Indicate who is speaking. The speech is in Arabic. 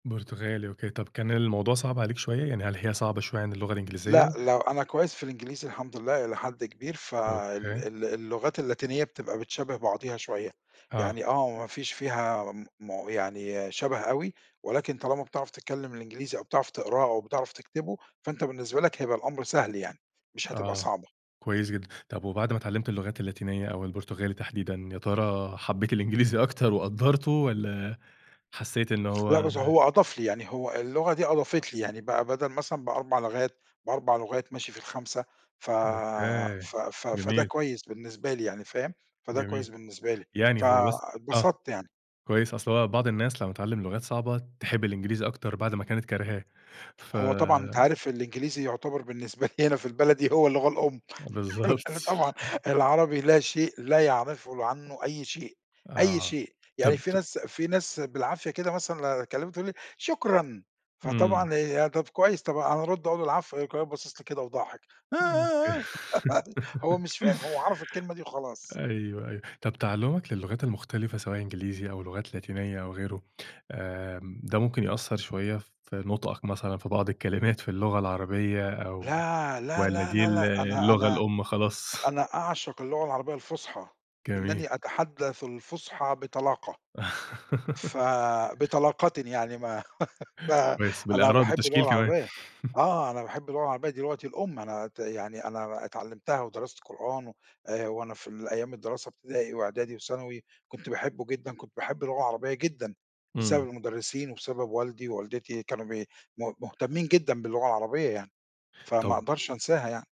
Speaker 1: برتغالي، أوكي. طَب كان الموضوع صعب عليك شوية؟ يعني هل هي صعبة شوية عن اللغة الإنجليزية؟
Speaker 2: لأ، لا وأنا كويّس في الإنجليزي الحمد لله إلى حد كبير، فال
Speaker 1: أوكي.
Speaker 2: ال اللغات اللاتينية بتبقى بتشابه بعضيها شوية،
Speaker 1: آه.
Speaker 2: يعني آه، ما فيش فيها م م يعني شبه أوي، ولكن طالما بتعرف تتكلم الإنجليزي أو بتعرف تقراه أو بتعرف تكتبه، فأنت بالنسبة لك هيبقى الأمر سهل يعني، مش هتبقى
Speaker 1: آه،
Speaker 2: صعبة.
Speaker 1: كويّس جدًا. طَب وبعد ما اتعلّمت اللغات اللاتينية أو البرتغالي تحديدًا، يا ترى حبّيت الإنجليزي أكتر وقدّرته والّا حسّيت إن
Speaker 2: لأ
Speaker 1: هو
Speaker 2: بس هو أضاف لي، يعني هو اللغة دي أضافت لي، يعني بقى بدل مثلًا ب4 لغات ب4 لغات ماشي في الخامسة ف
Speaker 1: أوكي،
Speaker 2: ف ف فده
Speaker 1: جميل.
Speaker 2: كويّس بالنسبة لي يعني، فاهم؟ فده كويّس
Speaker 1: جميل.
Speaker 2: بالنسبة لي،
Speaker 1: يعني هو بس آه،
Speaker 2: فاتبسطت يعني.
Speaker 1: كويّس، أصل هو بعض الناس لمّا تتعلم لغات صعبة، تحب الإنجليزي أكتر بعد ما كانت كارهاه، ف
Speaker 2: هو طبعًا أنت عارف الإنجليزي يعتبر بالنسبة لي هنا في البلد دي، هو اللغة الأم [unintelligible] عارف
Speaker 1: بالضبط.
Speaker 2: هنا طبعًا العربي لا شيء، لا يعرفوا ل عنّه أي شيء، أي
Speaker 1: آه.
Speaker 2: شيء. يعني
Speaker 1: طَب
Speaker 2: في
Speaker 1: ت
Speaker 2: ناس في ناس بالعافية كده مثلًا لو أكلّمهم، تقُول لي: "شكرًا"
Speaker 1: إمم.
Speaker 2: فطبعًا هي طَب كويّس، طبعًا أنا أرُد أقُول العفو يقوم كمان باصص لي كده وضاحك
Speaker 1: امم، أوكي.
Speaker 2: هو مش فاهم، هو عرف الكلمة دي وخلاص.
Speaker 1: أيوه، أيوه. طَب تعلُمَك للغات المختلفة سواء إنجليزي أو لغات لاتينية أو غيره، آمم، ده ممكن يأثر شوية في نطقك مثلًا في بعض الكلمات في اللغة العربية أو
Speaker 2: لا، لا،
Speaker 1: والّا دي
Speaker 2: لا،
Speaker 1: ال
Speaker 2: لأ، أنا
Speaker 1: اللغة
Speaker 2: أنا
Speaker 1: الأم خلاص؟
Speaker 2: أنا أعشق اللغة العربية الفُصحى،
Speaker 1: جميل.
Speaker 2: إنّني أتحدث الفصحى بطلاقة ف بطلاقةٍ يعني ما
Speaker 1: كويّس
Speaker 2: فأنا
Speaker 1: بالإعراب،
Speaker 2: باحب اللغة
Speaker 1: بالتشكيل كمان.
Speaker 2: العربية، آه أنا باحب اللغة العربية دي لغتي الأم، أنا ت يعني أنا ب اتعلمتها ودرست قرآن و وأنا في ال أيام الدراسة ابتدائي وإعدادي وثانوي، كنت باحبه جدًا، كنت باحب اللغة العربية جدًا،
Speaker 1: إمم.
Speaker 2: بسبب المدرّسين وبسبب والدي ووالدتي كانوا بي م مهتمين جدًا باللغة العربية يعني، فما
Speaker 1: طَب
Speaker 2: أقدرش أنساها يعني.